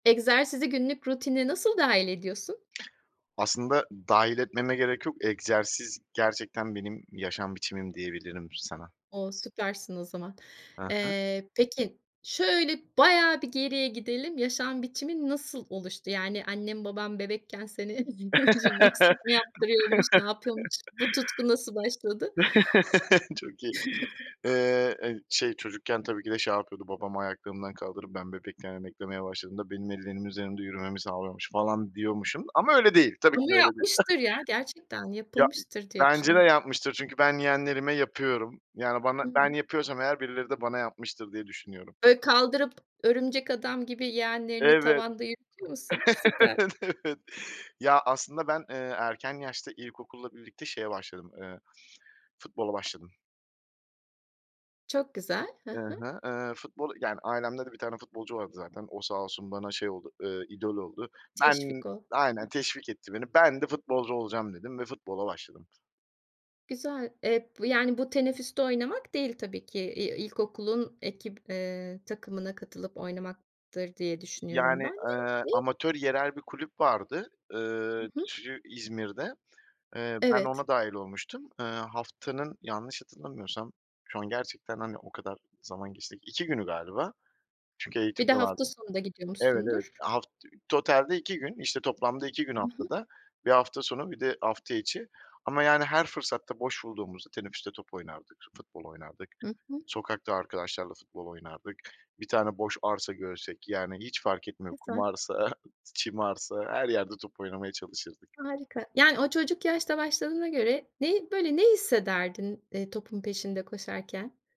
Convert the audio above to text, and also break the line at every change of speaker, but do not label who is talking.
Egzersizi günlük rutinine nasıl dâhil ediyorsun?
Aslında dâhil etmeme gerek yok. Egzersiz gerçekten benim yaşam biçimim diyebilirim sana.
O! Süpersin o zaman.
Hı hı.
Eee, peki, şöyle bayağı bir geriye gidelim, yaşam biçimin nasıl oluştu? Yani, annen baban bebekken seni cimnastik mi yaptırıyormuş, ne yapıyormuş, bu tutku nasıl başladı?
Çok iyi. Eee, eee, şey, çocukken tabii ki de şey yapıyordu, babam ayaklarımdan kaldırıp ben bebekken emeklemeye başladığımda, benim ellerimin üzerinde yürümemi sağlıyormuş falan diyormuşum ama öyle değil, tabii ki
Ama
de öyle değil.
yapmıştır ya, gerçekten
Ya, i
yapılmıştır diye
bence de
düşünüyorum.
yapmıştır çünkü ben yeğenlerime yapıyorum. Yani bana
Hı
ben
hı.
yapıyorsam eğer birileri de bana yapmıştır diye düşünüyorum.
Böyle kaldırıp örümcek adam gibi yeğenlerini
Evet.
tavanda yürütüyor musun? Süper.
Evet. Ya, aslında ben, eee, erken yaşta ilkokulla birlikte şeye başladım, eee, futbola başladım.
Çok güzel. Hı
I
hı.
hı, eee, futbolu yani ailemde de 1 tane futbolcu vardı zaten, o sağ olsun bana şey oldu, eee, idol oldu. Ben
Teşvik o. Hı.
Aynen. Teşvik etti beni, ben de futbolcu olacağım dedim ve futbola başladım.
Güzel. Eee, bu yani bu tenefüste oynamak değil, tabii ki. Eee, i ilkokulun ekip eee, takımına katılıp oynamaktır diye düşünüyorum
Yani,
ben
eee,
[unintelligible]
amatör yerel bir kulüp vardı, ııı,
Hı hı.
çı İzmir'de. Eee, ben
Evet.
ona dâhil olmuştum. Eee, haftanın, yanlış hatırlamıyorsam, şu an gerçekten, hani, o kadar zaman geçti. 2 günü galiba. Çünkü
Bir
eğitim
de
de vardı.
hafta sonunda gidiyor
Evet, evet.
musundur?
Haft ü totalde 2 gün, işte, toplamda 2 gün
Hı hı.
haftada. 1 hafta sonu, 1 de hafta içi. Ama yani her fırsatta, boş bulduğumuzda tenefüste top oynardık, futbol oynardık,
Hı hı.
sokakta arkadaşlarla futbol oynardık. Bir tane boş arsa görsek, yani, hiç fark etmiyor; kum
Güzel.
arsa, çim arsa... Her yerde top oynamaya çalışırdık.
Harika. Yani o çocuk yaşta başladığına göre neyi böyle, ne hissederdin, eee, topun peşinde koşarken?